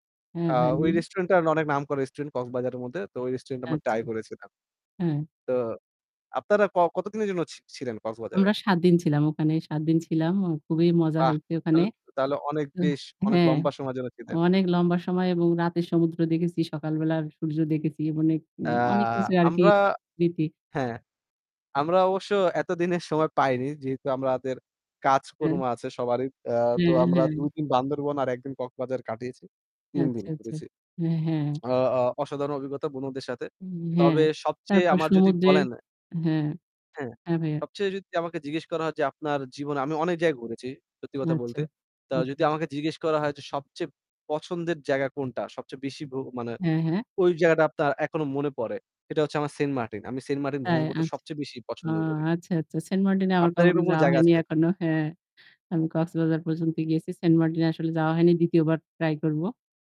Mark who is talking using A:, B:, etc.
A: হ্যাঁ,
B: অ্যাঁ
A: হ্যাঁ,
B: ওই
A: হ্যাঁ।
B: রেস্টুরেন্ট আ অনেক নাম করে রেস্টুরেন্ট কক্সবাজারের মধ্যে। তো ঐ রেস্টুরেন্টে আমরা
A: আচ্ছা।
B: ট্রাই করেছিলাম। তো
A: হ্যাঁ।
B: আপনারা ক কতদিনের জন্য ছ ছিলেন কক্সবাজারে?
A: আমরা ৭ দিন ছিলাম ওখানে। ৭ দিন ছিলাম। অ খুবই মজা
B: বাহ!
A: হয়েছে ওখানে।
B: তাহলে তাহলে অনেক
A: আহ!
B: বেশ অনেক
A: হ্যাঁ
B: লম্বা সময়ের জন্য ছিলেন।
A: অনেক লম্বা সময় এবং রাতের সমুদ্র দেখেছি, সকাল বেলার সূর্য দেখেছি ম অনেক অ অনেক
B: অ্যাঁ
A: কিছুই আরকি
B: আমরা
A: স্মৃতি।
B: হ্যাঁ, আমরা অবশ্য এতদিনের সময় পাইনি। যেহেতু আমাদের কাজকর্ম
A: হ্যাঁ।
B: আছে সবারই। অ্যা তো
A: হ্যাঁ,
B: আমরা
A: হ্যাঁ।
B: ২ দিন বান্দরবন আর ১ দিন কক্সবাজার কাটিয়েছি। ৩
A: আচ্ছা,
B: দিন
A: আচ্ছা।
B: ঘুরেছি।
A: হ্যাঁ, হ্যাঁ।
B: অ অ্যাঁ অসাধারণ অভিজ্ঞতা, বন্ধুদের সাথে।
A: হুম, হ্যাঁ।
B: তবে সবচেয়ে
A: তারপর
B: আমার যদি
A: সমুদ্রের
B: বলেন
A: হ্যাঁ,
B: হ্যাঁ।
A: হ্যাঁ ভাইয়া।
B: সবচেয়ে যদি আমাকে জিজ্ঞেস করা হয় যে,'আপনার জীবনে "আমি অনেক জায়গায় ঘুরেছি সত্যি কথা
A: আচ্ছা,
B: বলতে। তা যদি
A: আচ্ছা, আচ্ছা।
B: আমাকে জিজ্ঞেস করা হয় যে, "সবচেয়ে পছন্দের জায়গা কোনটা? সবচেয়ে বেশী ভ্র মানে
A: হ্যাঁ, হ্যাঁ।
B: ওই জায়গাটা আপনার এখনো মনে পড়ে "সেটা হচ্ছে আমার, 'সেন্টমার্টিন।' আমি সেন্টমার্টিন
A: তাই!
B: ভ্রমণ করতে
A: আচ্ছা।
B: সবচেয়ে বেশি
A: ও!
B: পছন্দ করি।
A: আচ্ছা, আচ্ছা। সেন্টমার্টিন এ আমার
B: আপনার
A: কখনো
B: এরকম কোনো
A: যাওয়া
B: জায়গা
A: হয়নি
B: আছে?
A: এখনো। হ্যাঁ। আমি কক্সবাজার পর্যন্ত গিয়েছি। সেন্টমার্টিনে আসলে যাওয়া হয়নি। ২য় বার ট্রাই করব।